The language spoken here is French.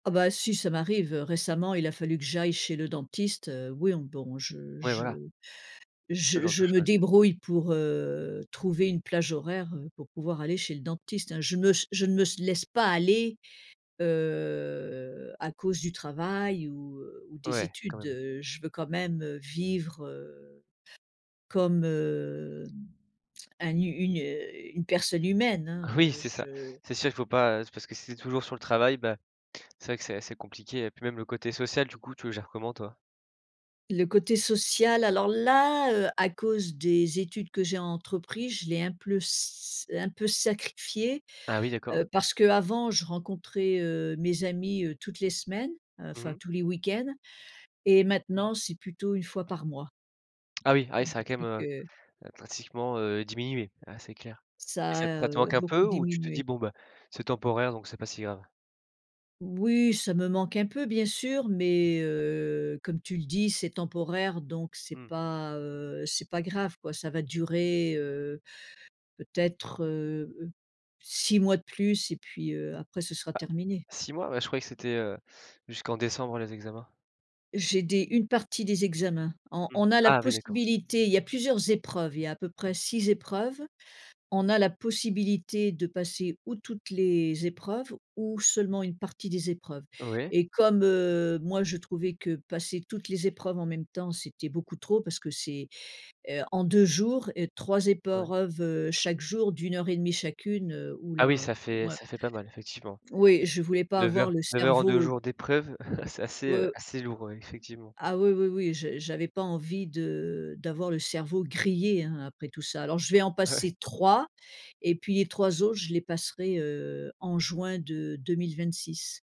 Ah bah si ça m'arrive, heu, récemment il a fallu que j'aille chez le dentiste, heu. Oui on bon je Ouais voilà. je Ce je genre de je me choses. débrouille pour, heu, trouver une plage horaire, heu, pour pouvoir aller chez le dentiste, hein. Je me ch je ne me s laisse pas aller, heu, à cause du travail ou, heu, ou des Ouais, quand études. même. Heu, je veux quand même, heu, vivre, heu, comme, hem, un hu une, heu, une personne humaine hein, Oui heu, c'est je ça! C'est sûr il faut pas, heu, c'est parce que si tu es toujours sur le travail bah, c'est vrai que c'est assez compliqué et puis même le côté social du coup tu le gères comment toi? Le côté social alors là, heu, à cause des études que j'ai entrepris, je l'ai un pleut s un peu sacrifié. Ah oui, d'accord. Heu, parce qu'avant je rencontrais, heu, mes amis, heu, toutes les semaines. Mmh Enfin mh. tous les week-ends, et maintenant c'est plutôt une fois par mois Ah oui. Ah oui, ça a quand même, depuis heu que heu, drastiquement, heu, diminué, heu, c'est clair, et Ça ça t a, ça te heu, manque un beaucoup peu? Ou tu te dis: diminué. «Bon bah, c'est temporaire donc c'est pas si grave»? Oui ça me manque un peu bien sûr mais, heu, comme tu le dis c'est temporaire, donc c'est Mmh. pas, heu, c'est pas grave, quoi. Ça va durer, heu, peut-être, heu heu, 6 mois de plus et puis, heu, après ce sera Bah terminé. 6 mois? Bah je croyais que c'était, heu, jusqu'en décembre les examens? J'ai des une partie des examens. En Mmh. on a la Ah oui d'accord. possibilité il y a plusieurs épreuves, il y a à peu près 6 épreuves. On a la possibilité de passer ou toutes les épreuves ou seulement une partie des épreuves, Ouais. et comme, heu, moi je trouvais que passer toutes les épreuves en même temps, c'était beaucoup trop parce que c'est, heu, en 2 jours et 3 Ouais. épreuves chaque jour. D'1 heure et 1/2 chacune, heu, Ah oui oula, ça heu, fait moi ça fait pas mal effectivement. Oui, je voulais pas 9 avoir heures le 9 heures en 2 cerveau jours d'épreuves. C'est assez, heu, heu assez lourd, ouais effectivement. ah oui, oui, oui. J j'avais pas envie de d'avoir le cerveau grillé hein, après tout ça. Alors je vais en passer Ouais. 3 et puis les 3 autres, je les passerai, heu, en juin de 2026.